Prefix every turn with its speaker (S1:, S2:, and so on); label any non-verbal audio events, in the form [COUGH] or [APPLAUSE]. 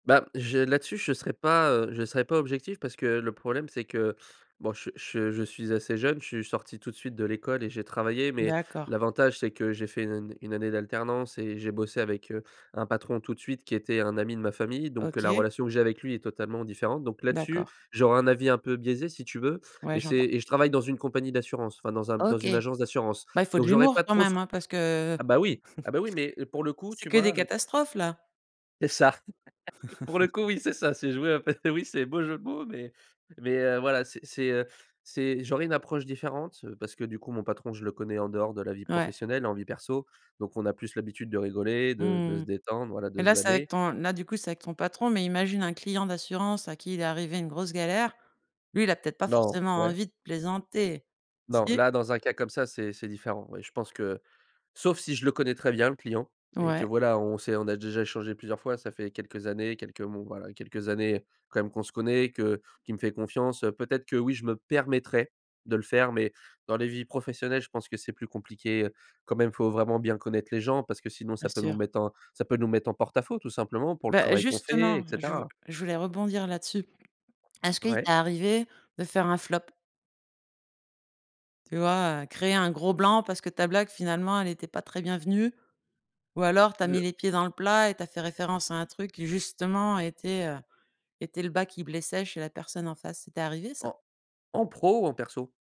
S1: Bah j'ai là-dessus je serai pas, heu, je serai pas objectif parce que le problème c'est que, bon che che je suis assez jeune. Je suis sorti tout de suite de l'école et j'ai travaillé, mais
S2: D'accord.
S1: l'avantage c'est que j'ai fait 1 année de 1 année d'alternance et j'ai bossé avec, heu, un patron tout de suite, qui était un ami de ma famille, donc heu, la
S2: OK.
S1: relation que j'ai avec lui est totalement différente, donc là dessus,
S2: D'accord.
S1: j'aurai un avis un peu biaisé si tu veux,
S2: Ouais
S1: et c'est
S2: j'entends.
S1: et je travaille dans une compagnie d'assurance, enfin dans un dans
S2: OK.
S1: une agence d'assurance,
S2: Bah il faut de
S1: donc j'aurais
S2: l'humour
S1: pas
S2: quand
S1: trop ce
S2: même,
S1: r
S2: hein, parce que
S1: ah bah oui ah
S2: [CHUCKLES]
S1: bah oui, mais pour le coup,
S2: C'est
S1: tu
S2: que des
S1: vois, heu
S2: catastrophes là!
S1: C'est ça. [CHUCKLES] Pour le coup,
S2: [CHUCKLES]
S1: oui, c'est ça, c'est jouer à peu oui, c'est beau jeu de mots, mais mais heu, voilà, c'est, heu, c'est j'aurais une approche différente, heu, parce que du coup, mon patron, je le connais en dehors de la vie
S2: Ouais.
S1: professionnelle et en vie perso, donc on a plus l'habitude de rigoler,
S2: Mmh
S1: de de se
S2: mh,
S1: détendre, voilà,
S2: et
S1: de se
S2: là c'est avec
S1: vanner.
S2: ton là du coup c'est avec ton patron, mais imagine un client d'assurance à qui il est arrivé une grosse galère, lui il a peut-être pas
S1: Non,
S2: forcément
S1: ouais.
S2: envie de plaisanter.
S1: Non,
S2: Si?
S1: là dans un cas comme ça, c'est c'est différent. Oui, je pense que sauf si je le connais très bien le client, et que
S2: Ouais.
S1: voilà, on sait on a déjà échangé plusieurs fois ça fait quelques années, quelques mon voilà, quelques années, heu, quand même qu'on se connaît, que qu'il me fait confiance, heu, peut-être que, oui je me permettrais de le faire. Mais dans les vies professionnelles, je pense que c'est plus compliqué, heu, quand même faut vraiment bien connaître les gens parce que sinon
S2: Bien
S1: ça peut nous
S2: sûr.
S1: mettre en ça peut nous mettre en porte à faux tout simplement, pour le
S2: Bah
S1: travail qu'on fait,
S2: justement,
S1: et
S2: je
S1: cetera.
S2: je voulais rebondir là-dessus. Est-ce qu'il
S1: Ouais.
S2: t'est arrivé de faire un flop? Tu vois, heu, créer un gros blanc parce que ta blague finalement elle était pas très bienvenue, ou alors tu as
S1: De
S2: mis les pieds dans le plat et tu as fait référence, à un truc qui justement était, heu, était le bas qui blessait chez la personne en face. Ça t'est arrivé ça?
S1: En en pro ou en perso?